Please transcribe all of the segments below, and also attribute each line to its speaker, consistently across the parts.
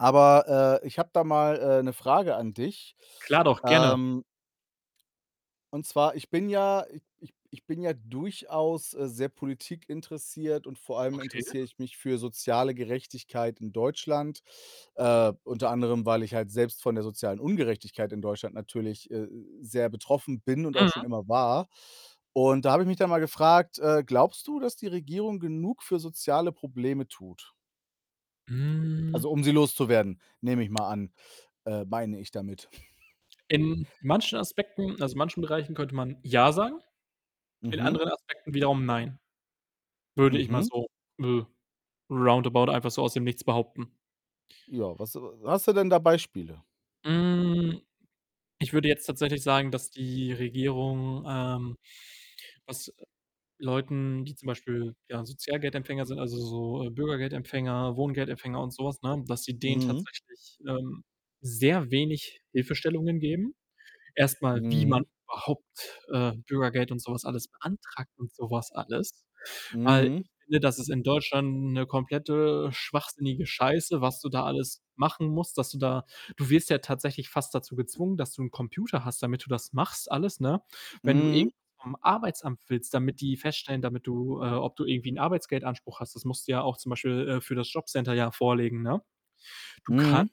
Speaker 1: Aber, äh, ich habe da mal, äh, 'ne Frage an dich.
Speaker 2: Klar doch, gerne.
Speaker 1: Ähm und zwar ich bin ja ich ich ich bin ja durchaus, äh, sehr politikinteressiert und vor allem
Speaker 2: Okay.
Speaker 1: interessiere ich mich für soziale Gerechtigkeit in Deutschland, äh, unter anderem, weil ich halt selbst von der sozialen Ungerechtigkeit in Deutschland natürlich, äh, sehr betroffen bin und auch schon
Speaker 2: Mhm.
Speaker 1: immer war. Und da habe ich mich dann mal gefragt: „Äh, glaubst du, dass die Regierung genug für soziale Probleme tut?“
Speaker 2: Hm.
Speaker 1: Also, um sie loszuwerden, nehme ich mal an, äh meine ich damit.
Speaker 2: In manchen Aspekten also, manchen Bereichen könnte man „ja“ sagen, in
Speaker 1: Mhm.
Speaker 2: anderen Aspekten wiederum „nein“, würde ich mal
Speaker 1: Mhm.
Speaker 2: so, äh, round about einfach so aus dem Nichts behaupten.
Speaker 1: Ja, was äh, w hast du denn da Beispiele?
Speaker 2: Hm, ich würde jetzt tatsächlich sagen, dass die Regierung, ähm, was Leuten, die zum Beispiel, ja, Sozialgeldempfänger sind, also, so Bürgergeldempfänger, Wohngeldempfänger und so was, ne, dass sie denen
Speaker 1: Mhm.
Speaker 2: tatsächlich, ähm, sehr wenig Hilfestellungen geben. Erst mal, wie man
Speaker 1: Mhm.
Speaker 2: überhaupt, äh, Bürgergeld und so was alles beantragt und so was alles. Weil
Speaker 1: Mhm.
Speaker 2: ich finde, das ist in Deutschland 'ne komplette schwachsinnige Scheiße, was du da alles machen musst, dass du da du wirst ja tatsächlich fast dazu gezwungen, dass du 'n Computer hast, damit du das machst alles, ne? Wenn du irgendwas
Speaker 1: Mhm.
Speaker 2: vom Arbeitsamt willst, damit die feststellen damit du, äh ob du irgendwie 'n Arbeitsgeldanspruch hast, das musst du ja auch zum Beispiel, äh, für das Jobcenter ja vorlegen, ne? Du kannst
Speaker 1: Mhm.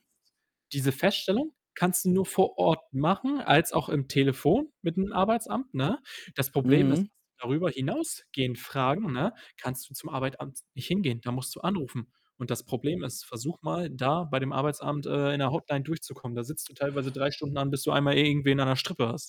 Speaker 2: diese Feststellung kannst du nur vor Ort machen als auch im Telefon mit 'n Arbeitsamt, ne? Das Problem ist,
Speaker 1: Mhm.
Speaker 2: dass die darüber hinausgehend fragen, ne, kannst du zum Arbeitsamt nicht hingehen. Da musst du anrufen. Und das Problem ist, versuch mal, da bei dem Arbeitsamt, äh, in der Hotline durchzukommen. Da sitzt du teilweise 3 Stunden an, bis du einmal irgendwen an der Strippe hast.